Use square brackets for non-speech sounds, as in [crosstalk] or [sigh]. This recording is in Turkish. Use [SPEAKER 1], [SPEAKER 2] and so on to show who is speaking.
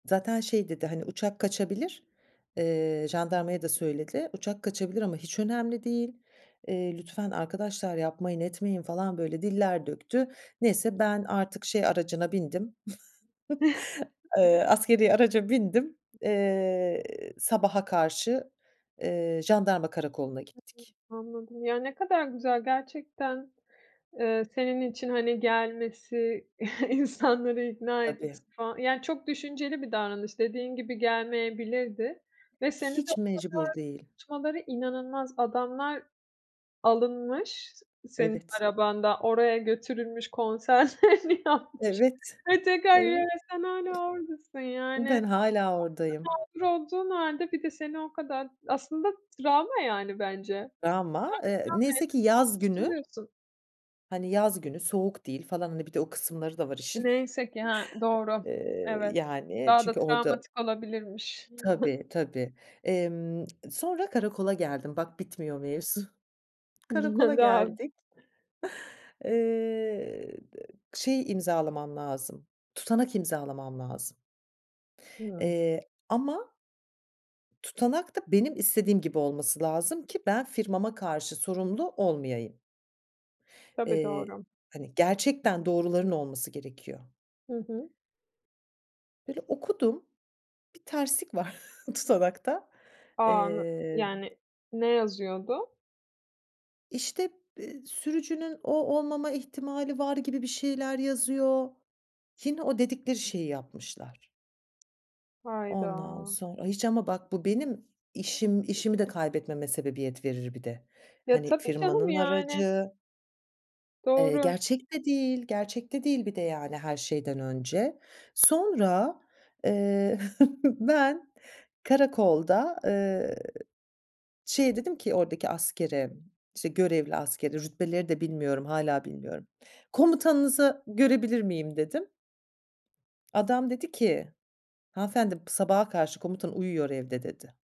[SPEAKER 1] Zaten şey dedi, hani uçak kaçabilir, eee, jandarmaya da söyledi, uçak kaçabilir ama hiç önemli değil, eee, lütfen arkadaşlar yapmayın etmeyin falan böyle diller döktü. Neyse, ben artık şey aracına bindim, [chuckles] ııı, askeri araca bindim. Eee, sabaha karşı, eee, jandarma karakoluna
[SPEAKER 2] Hı hı.
[SPEAKER 1] gittik.
[SPEAKER 2] Anladım ya ne kadar güzel gerçekten, eee, senin için hani gelmesi, [chuckles] insanları ikna
[SPEAKER 1] Tabii.
[SPEAKER 2] etmesi falan yani çok düşünceli bir davranış dediğin gibi gelmeyebilirdi ve seni de o
[SPEAKER 1] Hiç mecbur
[SPEAKER 2] kadar
[SPEAKER 1] değil.
[SPEAKER 2] tutmaları inanılmaz, adamlar alınmış s senin
[SPEAKER 1] Evet.
[SPEAKER 2] arabanda, oraya götürülmüş konserlerini yapmış
[SPEAKER 1] Evet.
[SPEAKER 2] ve tekrar
[SPEAKER 1] Evet.
[SPEAKER 2] [unintelligible] sen hâlâ oradasın yani.
[SPEAKER 1] Ben hâlâ oradayım.
[SPEAKER 2] Aslında mağdur olduğun hâlde bir de seni o kadar aslında travma yani bence. Sen
[SPEAKER 1] Ama, eee, neyse ki
[SPEAKER 2] bir travmaya
[SPEAKER 1] yaz
[SPEAKER 2] [unintelligible]
[SPEAKER 1] günü.
[SPEAKER 2] tutuluyorsun.
[SPEAKER 1] Hani yaz günü soğuk değil falan, hani bir de o kısımları da var işin. [scoffs]
[SPEAKER 2] Neyse ki, ha doğru
[SPEAKER 1] Eee,
[SPEAKER 2] evet.
[SPEAKER 1] yani
[SPEAKER 2] Daha da
[SPEAKER 1] çünkü orada.
[SPEAKER 2] travmatik olabilirmiş.
[SPEAKER 1] Tabii tabii. Emm, sonra karakola geldim, bak bitmiyor mevzu. Karakola
[SPEAKER 2] [unintelligible]
[SPEAKER 1] geldik. Eee, şey imzalamam lazım, tutanak imzalamam lazım.
[SPEAKER 2] Hıı.
[SPEAKER 1] Eee, ama. Tutanak da benim istediğim gibi olması lazım ki ben firmama karşı sorumlu olmayayım.
[SPEAKER 2] Tabii,
[SPEAKER 1] Eee,
[SPEAKER 2] doğru.
[SPEAKER 1] hani, gerçekten doğruların olması gerekiyor.
[SPEAKER 2] Hı hı.
[SPEAKER 1] Böyle okudum, bir terslik var [chuckles] tutanakta.
[SPEAKER 2] A! anl
[SPEAKER 1] Emm
[SPEAKER 2] yani ne yazıyordu?
[SPEAKER 1] İşte be sürücünün o olmama ihtimali var gibi bir şeyler yazıyor. Yine o dedikleri şeyi yapmışlar. Ondan
[SPEAKER 2] Hayda.
[SPEAKER 1] sonra, hiç ama bak bu benim işim işimi de kaybetmeme sebebiyet verir bir de.
[SPEAKER 2] Ya
[SPEAKER 1] Hani
[SPEAKER 2] tabii canım
[SPEAKER 1] firmanın
[SPEAKER 2] yani.
[SPEAKER 1] aracı. Eee,
[SPEAKER 2] Doğru s
[SPEAKER 1] gerçek de değil, gerçek de değil bir de yani her şeyden önce. Sonra [chuckles] ben karakolda, ııı, şeye dedim ki oradaki askere, işte görevli askere, rütbeleri de bilmiyorum, hâlâ bilmiyorum. Komutanınızı görebilir miyim dedim. Adam dedi ki, hanımefendi p sabaha karşı komutan uyuyor evde dedi.